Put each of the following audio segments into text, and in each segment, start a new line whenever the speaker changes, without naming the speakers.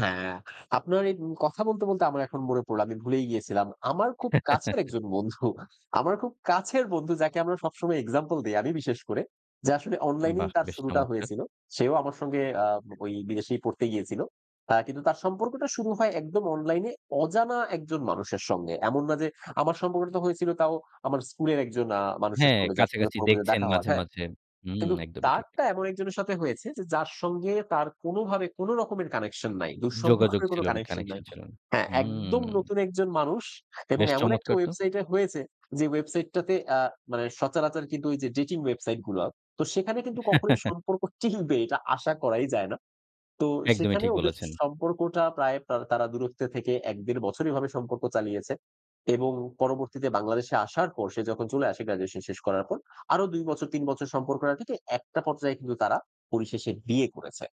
হ্যাঁ, আপনার এই উ কথা বলতে, বলতে আমার এখন মনে পড়ল। আমি ভুলেই গিয়েছিলাম। আমার খুব কাছের একজন বন্ধু, আমার খুব কাছের বন্ধু যাকে আমরা সবসময় এক্সাম্পল দেই আমি বিশেষ করে। যে, আসলে অনলাইনেই
বাহ!
তার
বেশ
শুরুটা
চমৎকার।
হয়েছিল। সেও আমার সঙ্গে আ ঐ বিদেশেই পড়তে গিয়েছিল। কিন্তু তার সম্পর্কটা শুরু হয় একদম অনলাইনে অজানা একজন মানুষের সঙ্গে। এমন না যে, আমার সম্পর্কটা তো হয়েছিল তাও আমার স্কুলের একজন আ মানুষের
হ্যাঁ,
সঙ্গে যার সঙ্গে
কাছাকাছি
পরবর্তীতে
দেখছেন
দেখা হওয়ার,
মাঝে,
হ্যাঁ।
মাঝে। হুম,
কিন্তু
একদমই ঠিক।
তারটা এমন একজনের সাথে হয়েছে যে, যার সঙ্গে তার কোনো ভাবে কোনো রকমের কানেকশন নাই।
যোগাযোগ
দূরসম্পর্কের কোনো
ছিল না,
কানেকশন নাই।
কানেকশন ছিল না।
হ্যাঁ,
হুম।
একদম নতুন একজন মানুষ এবং
বেশ
এমন একটা
চমৎকার তো।
ওয়েবসাইটে এ হয়েছে যে, ওয়েবসাইটটাতে আ মানে সচারাচর কিন্তু ওই যে, ডেটিং ওয়েবসাইট গুলা তো সেখানে কিন্তু কখনোই সম্পর্ক টিকবে এটা আশা করাই যায় না। তো
একদমই
সেখানে
ঠিক
ওদের
বলেছেন।
সম্পর্কটা প্রায় তারা দূরত্বে থেকে ১-১.৫ বছরভাবে সম্পর্ক চালিয়েছে এবং পরবর্তীতে বাংলাদেশে আসার পর সে যখন চলে আসে গ্র্যাজুয়েশন শেষ করার পর। আরো ২ বছর ৩ বছর সম্পর্ক থেকে একটা পর্যায়ে কিন্তু তারা পরিশেষে বিয়ে করেছে।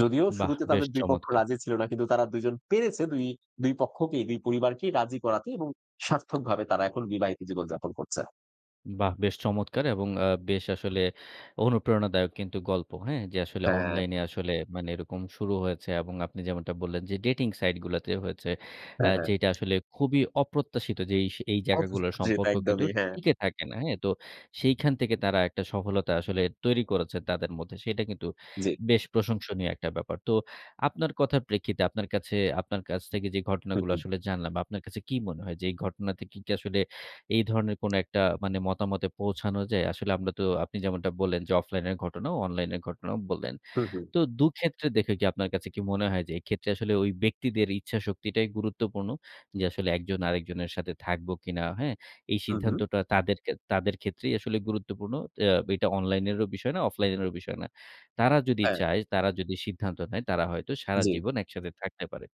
যদিও
বাহ!
শুরুতে
বেশ
তাদের দুই পক্ষ
চমৎকার।
রাজি ছিল না কিন্তু তারা দুইজন পেরেছে দুই দুই পক্ষকেই দুই পরিবারকেই রাজি করাতে এবং সার্থকভাবে তারা এখন বিবাহিত জীবন যাপন করছে।
বাহ! বেশ চমৎকার এবং আ বেশ আসলে অনুপ্রেরণাদায়ক কিন্তু গল্প, হ্যাঁ, যে, আসলে
হ্যাঁ।
অনলাইন আসলে মানে এরকম শুরু হয়েছে এবং আপনি যেমনটা বললেন, যে, ডেটিং সাইট গুলাতে হয়েছে। আ
হ্যাঁ, হ্যাঁ।
যেইটা আসলে খুবই অপ্রত্যাশিত যে, এইস এই
অথচ
জায়গাগুলোর
জি।
সম্পর্ক কিন্তু
একদমই হ্যাঁ।
টিকে থাকে না। হ্যাঁ? তো সেখান থেকে তারা একটা সফলতা আসলে তৈরি করেছে তাদের মধ্যে। সেটা কিন্তু
জি।
বেশ প্রশংসনীয় একটা ব্যাপার। তো আপনার কথার প্রেক্ষিতে আপনার কাছে আপনার কাছ থেকে যে,
হু,
ঘটনাগুলো
হুম।
আসলে জানলাম আপনার কাছে কি মনে হয় যে, এই ঘটনা কি আসলে এই ধরনের কোনো একটা মতামতে পৌঁছানো যায়। আসলে আমরা তো আপনি যেমনটা বললেন যে, অফলাইন এর ঘটনাও অনলাইনের ঘটনাও বললেন।
হু, হুম।
তো দুক্ষেত্রে দেখে আপনার কাছে কি মনে হয় যে, এক্ষেত্রে আসলে ওই ব্যক্তিদের ইচ্ছাশক্তিটাই গুরুত্বপূর্ণ। যে, আসলে ১ জন আরেকজনের সাথে থাকবো কিনা, হ্যাঁ, এই
হু, হুম।
সিদ্ধান্তটা তাদেরকে তাদের ক্ষেত্রেই আসলে গুরুত্বপূর্ণ। এ এটা অনলাইন এরও বিষয় না, অফলাইন এরও বিষয় না। তারা যদি
হ্যাঁ।
চায়, তারা যদি সিদ্ধান্ত নেয় তারা হয়তো
জি।
সারাজীবন একসাথে থাকতে পারে।